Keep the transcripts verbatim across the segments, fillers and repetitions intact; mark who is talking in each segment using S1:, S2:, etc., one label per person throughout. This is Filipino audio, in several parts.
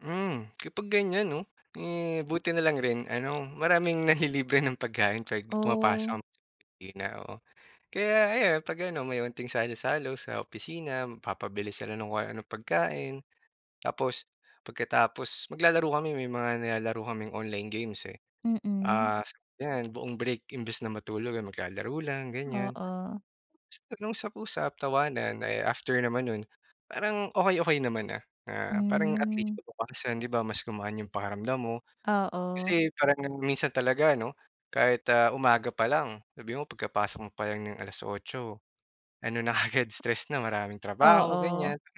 S1: Hmm, kapag ganiyan 'no, eh, buti na lang rin ano, maraming nanlilibre ng pagkain 'pag
S2: Oh.
S1: pumapasok kami sa opisina, oo. Kaya ayan, 'pag ano, may onting salo-salo sa opisina, magpapabili sila ng kung ano-anong pagkain. Tapos, pagkatapos, maglalaro kami, may mga nilalaro kaming online games, eh.
S2: Mm.
S1: Ah, sa yan, buong break, imbes na matulog, eh, maglalaro lang ganiyan.
S2: Oo.
S1: Nag-usap-usap, tawanan. Ay, after naman nun, parang okey-okey naman na. Ah, parang at least
S2: Hmm.
S1: kinabukasan di ba, mas gumaan yung pakiramdam mo.
S2: Oo.
S1: Kasi parang minsan talaga ano, kahit, ah, umaga pa lang, sabihin mo pagkapasok mo pa lang ng alas-otso, ano na kaagad, stress na. Maraming trabaho
S2: Oo.
S1: ganiyan, parang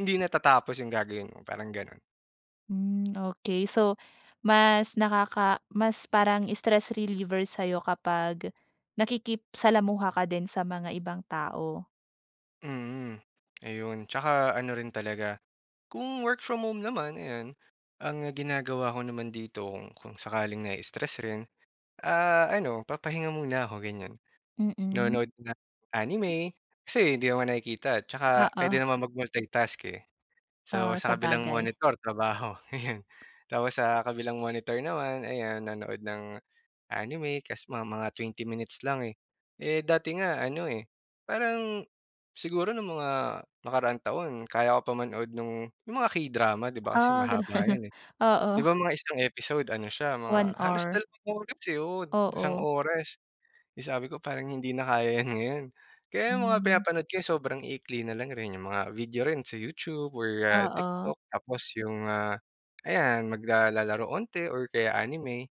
S1: hindi natatapos yung gagawin mo, parang gano'n.
S2: Hmm, okey. So, mas nakaka mas parang stress reliever sa'yo kapag nakikip salamuha ka din sa mga ibang tao.
S1: Mm, ayun. Tsaka ano rin talaga, kung work from home naman, eh, yun, ang ginagawa ko naman dito, kung kung sakaling nai-stress rin, ah, ano, papahinga muna ako ganiyan.
S2: Mm.
S1: Nanonood ng anime kasi hindi naman nakikita tsaka
S2: Oo.
S1: puwede namang mag-multitask, eh. So,
S2: Oo,
S1: sa kabilang
S2: sabagay.
S1: monitor, trabaho. Tapos sa kabilang monitor naman, ayan nanood ng anime kasi mga mga twenty minutes lang, eh. Eh, dati nga ano, eh, parang siguro nung mga nakaraang taon, kaya ko pa manood nung yung mga K-drama, di ba kasi
S2: Ah, gano'n.
S1: mahaba yun, eh. Di
S2: Oo.
S1: ba mga isang episode ano siya,
S2: One
S1: mga halos
S2: hour.
S1: dalawang oras, eh. Oo, isang
S2: Oo.
S1: oras. Eh, sabi ko parang hindi na kaya 'yan ngayon. Kaya yung mga
S2: Hmm.
S1: pinapanood ko, eh, sobrang iikli na lang rin. Yung mga video rin sa YouTube or ah,
S2: Oo.
S1: TikTok. Tapos yung, ah, ayan, magla lalaro onte or kaya anime.